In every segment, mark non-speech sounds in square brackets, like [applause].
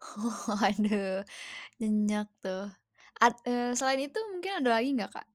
Oh. Waduh. Nyenyak tuh, ad eee, selain itu mungkin, ada lagi nggak, Kak?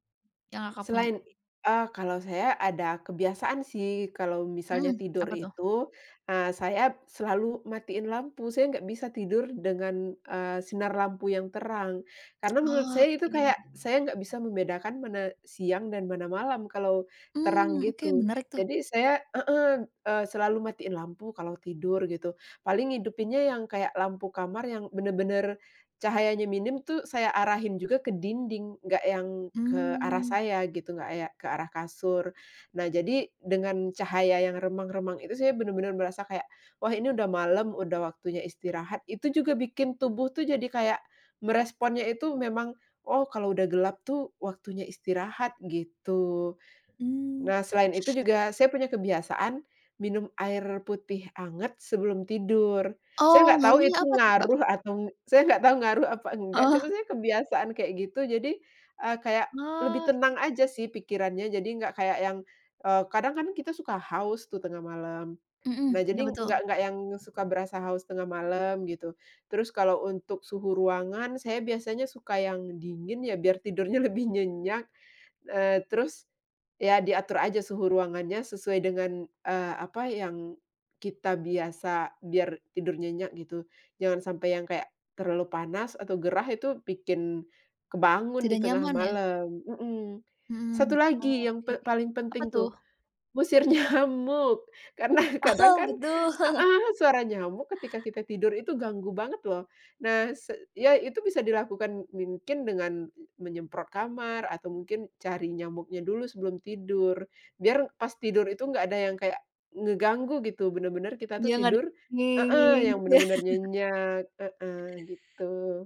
Yang, Kakak punya? Selain, eee, kalau saya ada kebiasaan sih. Kalau misalnya Mhm. tidur Apa tuh? itu, eee, saya selalu matiin lampu. Saya nggak bisa tidur dengan, eee, sinar lampu yang terang. Karena menurut saya itu Oke. kayak, saya nggak bisa membedakan, mana siang dan mana malam, kalau terang Mmm. Oke. gitu. Menarik, tuh. Jadi saya heeh. Eee, selalu matiin lampu kalau tidur, gitu. Paling hidupinya yang kayak lampu kamar, yang benar-benar cahayanya minim tuh, saya arahin juga ke dinding. Nggak yang ke arah Mmm. saya, gitu. Nggak a ya ke arah kasur. Nah jadi, dengan cahaya yang remang-remang itu. Saya benar-benar merasa kayak, "Wah ini udah malam, udah waktunya istirahat." Itu juga bikin tubuh tuh, jadi kayak meresponnya itu memang, "Oh kalau udah gelap tuh, waktunya istirahat," gitu. Mmm. Nah, selain itu juga, saya punya kebiasaan, minum air putih hangat, sebelum tidur. Saya Oh. nggak tahu Ngerinya itu apa tuh, Kak? ngaruh atau saya nggak tau ngaruh apa nggak. Oh. Cuma saya kebiasaan kayak gitu. Jadi, eee, kayak lebih tenang Oke. aja sih, pikirannya. Jadi nggak kayak yang, eee, kadang kan, kita suka haus tuh, tengah malam. Heeh. Nah, Iya jadi betul. nggak nggak yang suka berasa haus tengah malam, gitu. Terus kalau untuk suhu ruangan, saya biasanya suka yang dingin, ya. Biar tidurnya lebih nyenyak. Eee, terus, ya diatur aja suhu ruangannya, sesuai dengan, eee, apa, yang kita biasa, biar tidur nyenyak, gitu. Jangan sampai yang kayak, terlalu panas atau gerah. Itu bikin kebangun di Tidak tengah nyaman, ya? malam mhm. Satu Mhm. lagi yang Oke pe oke. paling Apa penting tuh, tuh? ngusir nyamuk. Karena kadang Oh, kan [chuckles] betul. heeh. Suara nyamuk, ketika kita tidur itu ganggu banget, loh. Nah, se iya itu bisa dilakukan, mungkin dengan menyemprot kamar, atau mungkin cari nyamuknya dulu, sebelum tidur. Biar, pas tidur itu nggak ada yang kayak, ngeganggu gitu. Benar-benar, kita tuh Denger, tidur heeh. Yang gitu, ya? benar-benar [laughs] nyenyak. Heeh. Gitu.